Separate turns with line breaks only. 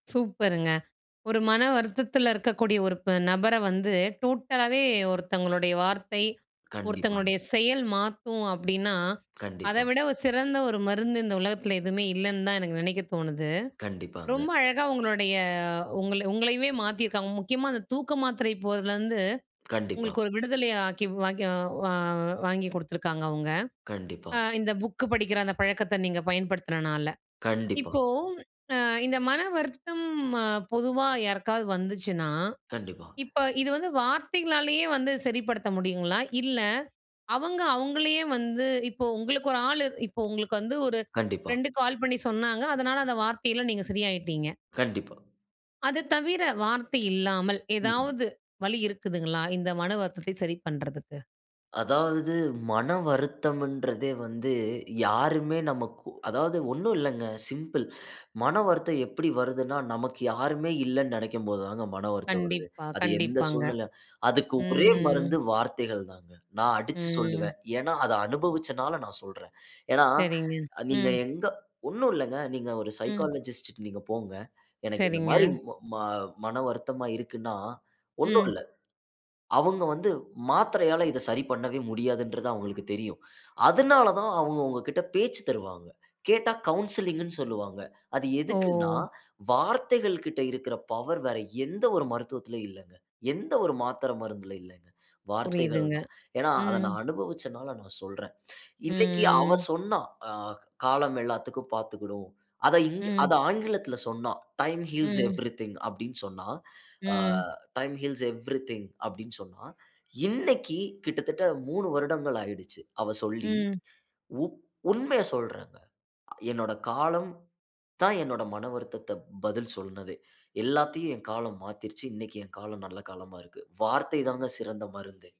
சூப்பருங்க! ஒரு மன வருத்தத்தில இருக்கக்கூடிய ஒரு ப நபர வந்து டோட்டலாவே ஒருத்தவங்களுடைய வார்த்தை,
கண்டிப்பாங்க.
ஒருத்தவங்களுடைய செயல் மாத்தும் அப்படின்னா, அத
கண்டிப்பா.
விட ஒரு, சிறந்த ஒரு மருந்து இந்த உலகத்தில எதுவுமே இல்லன்னு தான் எனக்கு நெனைக்க தோணுது.
கண்டிப்பாங்க.
ரொம்ப அழகா உங்களுடைய உங்க உங்களயவே மாத்தியிருக்காங்க. முக்கியமா அந்த தூக்க மாத்திரை போடறதுலருந்து,
கண்டிப்பா.
உங்களுக்கு ஒரு விடுதலைய ஆக்கி, வாக்கி வா வாங்கி குடுத்துருக்காங்க அவுங்க! அ
கண்டிப்பா.
இந்த புக்கு படிக்கிற அந்த பழக்கத்த நீங்க பயன்படுத்துனனால!
கண்டிப்பா.
இப்போ, அ இந்த "மன வருத்தம்" அ பொதுவா யாருக்காவது வந்துச்சுன்னா?
கண்டிப்பாங்க.
இப்ப இது வந்து வார்த்தைகளாலயே வந்து சரிப்படுத்த முடியுங்களா? இல்ல, அவங்க, அவுங்களையே வந்து இப்போ உங்களுக்கு ஒரு ஆளு இப்போ, உங்களுக்கு வந்து ஒரு
கண்டிப்பா.
ஃப்ரெண்டு கால் பண்ணி சொன்னாங்க. அதனால அந்த வார்த்தைல நீங்க சரியாயிட்டீங்க!
கண்டிப்பா.
அத தவிர, வார்த்தை இல்லாமல்.
ம்.
ஏதாவது, வழி இருக்குதுங்களா? இந்த மனவருத்தத்தை சரி பண்றதுக்கு?
அதாவது, மனவருத்தம்ன்றதே வந்து, யாருமே நமக்கு அதாவது ஒண்ணும் இல்லங்க, சிம்பிள். மன வருத்தம் எப்படி வருதுன்னா, நமக்கு யாருமே இல்லன்னு நினைக்கும் போது தாங்க மன வருத்தம் வருது.
கண்டிப்பா,
அது எந்த
கண்டிப்பாங்க.
சூழ்நிலை அதுக்கு ஒரே
ம்.
மருந்து, வார்த்தைகள் தாங்க. நான் அடிச்சு
ம்.
சொல்லுவேன். ஏன்னா, அத அனுபவிச்சனால நான் சொல்றேன். ஏன்னா,
சரிங்க,
நீங்க
ம்.
எங்க ஒண்ணும் இல்லங்க, நீங்க ஒரு
ம்.
சைக்காலஜிஸ்ட்ட நீங்க போங்க. எனக்கு இந்த
சரிங்க.
மாரி, ம ம மன வருத்தமா இருக்குன்னா, ஒன்னும்
ம்.
இல்ல. அவுங்க வந்து மாத்திரையால இதை சரி பண்ணவே முடியாதுன்றது அவுங்களுக்கு தெரியும். அதுனால தான் அவுங்க உங்க கிட்ட பேச்சு தருவாங்க. கேட்டா கவுன்சிலிங்ன்னு சொல்வாங்க. அது எதுக்குன்னா,
ஓ!
வார்த்தைகள் கிட்ட இருக்குற பவர் வேற எந்த ஒரு மருத்துவத்திலயும் இல்லங்க. எந்த ஒரு மாத்திர, மருந்தில இல்லங்க. வார்த்தைகள்
புரியுதுங்க!
தான். ஏன்னா, அத
ம்.
நான் அனுபவிச்சனால நான் சொல்றேன். இன்னைக்கு அவ
ம்.
சொன்னா! அ காலம் எல்லாத்திக்கும் பாத்துக்கிடும். அத இங்க
ம்.
அத ஆங்கிலத்தில சொன்னா "டைம் ஹீல்ஸ்
ம்.
எவ்ரிதிங்" அப்படின்னு சொன்னா. அ.
ம்.
"டைம் ஹீல்ஸ் எவ்ரிதிங்" அப்டின்னு சொன்னா, இன்னைக்கு கிட்டத்தட்ட 3 வருடங்கள் ஆயிடுச்சு. அவ சொல்லி.
ம்.
உ உண்மயை சொல்றேங்க. என்னோட காலம், தான் என்னோட மனவருத்தத்த பதில் சொன்னதே. எல்லாத்தையும் என் காலம் மாத்திருச்சு. இன்னைக்கு என் காலம் நல்ல காலமா இருக்கு. வார்த்தை தாங்க சிறந்த மருந்தே!